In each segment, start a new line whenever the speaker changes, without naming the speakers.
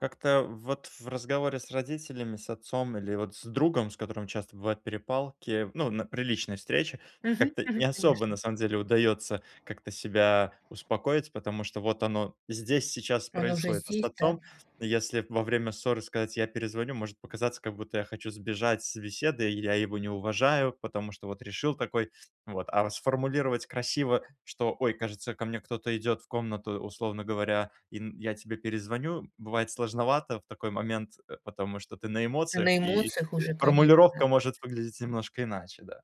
Как-то вот, в разговоре с родителями, с отцом, или вот с другом, с которым часто бывают перепалки, ну, на при личной встрече,
Мгм,
как-то не
мгм.
особо,
Конечно.
на самом деле, удаётся как-то себя успокоить, потому что, вот оно здесь, сейчас
Оно же
происходит. А с
здесь, да?
отцом, если б во время ссоры сказать: "Я перезвоню",- может показаться, как будто я хочу сбежать с беседы, и я его не уважаю, потому что вот решил, такой. Вот. А, фс сформулировать красиво, что, ой, кажется, ко мне кто-то идет в комнату, условно говоря, и, м, я тебе перезвоню, м, бывает сложновато в такой момент, э, потому что ты на
Ты на
эмоциях, и,
эмоциях
э,
уже, конечно.
формулировка может выглядеть немножко иначе, да.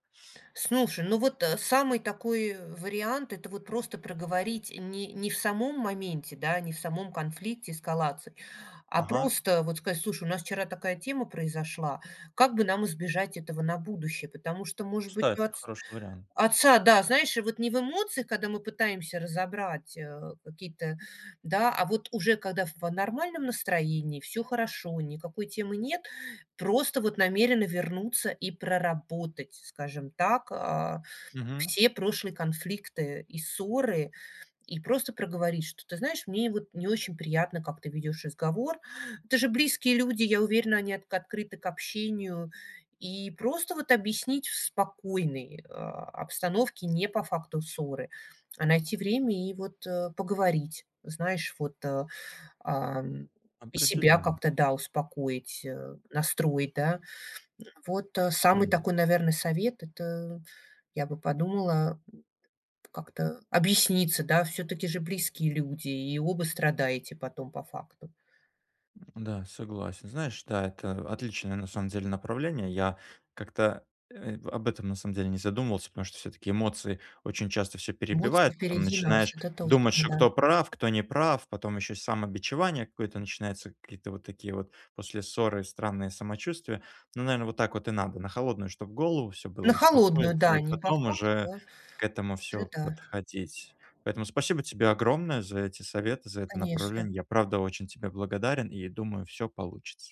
Слушай, ну вот, э, самый такой, э, вариант- это вот, просто проговорить, не не в самом моменте, да, не в самом конфликте, эскалации, а
Ага.
просто, вот, сказать: слушай, у нас вчера такая тема произошла, как бы нам избежать этого на будущее? Потому что, может быть, у
Кстати,
отц
хороший вариант.
отца да, знаешь, вот не в эмоциях, когда мы пытаемся разобрать, э, какие-то да. А вот, уже когда в нормальном настроении, всё хорошо, никакой темы нет, просто вот намерены вернуться и проработать, скажем так, а,
Мгм.
все прошлые конфликты и ссоры. И просто проговорить, что, ты знаешь, мне вот не очень приятно, как ты ведешь разговор. Это же близкие люди, я уверена, они отк открыты к общению. И просто вот объяснить, в спокойной, а, обстановке, не по факту ссоры, а найти время, и вот, э, поговорить, знаешь, вот, э, ам, и себя
Определённо.
как-то, да, успокоить, э, настроить, да. Вот, а, самый
М.
такой, наверно, совет, это, я бы подумала, м, как-то объясниться, да. Всё-таки же, близкие люди, и оба страдаете потом, по факту.
М-да, согласен. Знаешь, да, это, э, отличное, на самом деле, направление. Я как-то, э, в об этом, на самом деле, не задумывался, потому что, всё-таки, эмоции очень часто всё
Эмоции
перебивают. Потом
впереди нас,
начинаешь
это
думать,
точно,
что,
да.
кто прав, кто не прав. Потом еще самобичевание какое-то начинается, какие-то вот такие вот, после ссоры, странные самочувствия. Ну, наверно, вот так вот и надо. На холодную, чтоб, голову всё было.
На холодную,
Успокоиться,
да,
и
не по
потом уже
факту
к этому
уже,
всё
да.
подходить. Поэтому, спасибо тебе огромное за эти советы, за это
Конечно.
направление. Я правда очень тебе благодарен и, думаю, всё получится.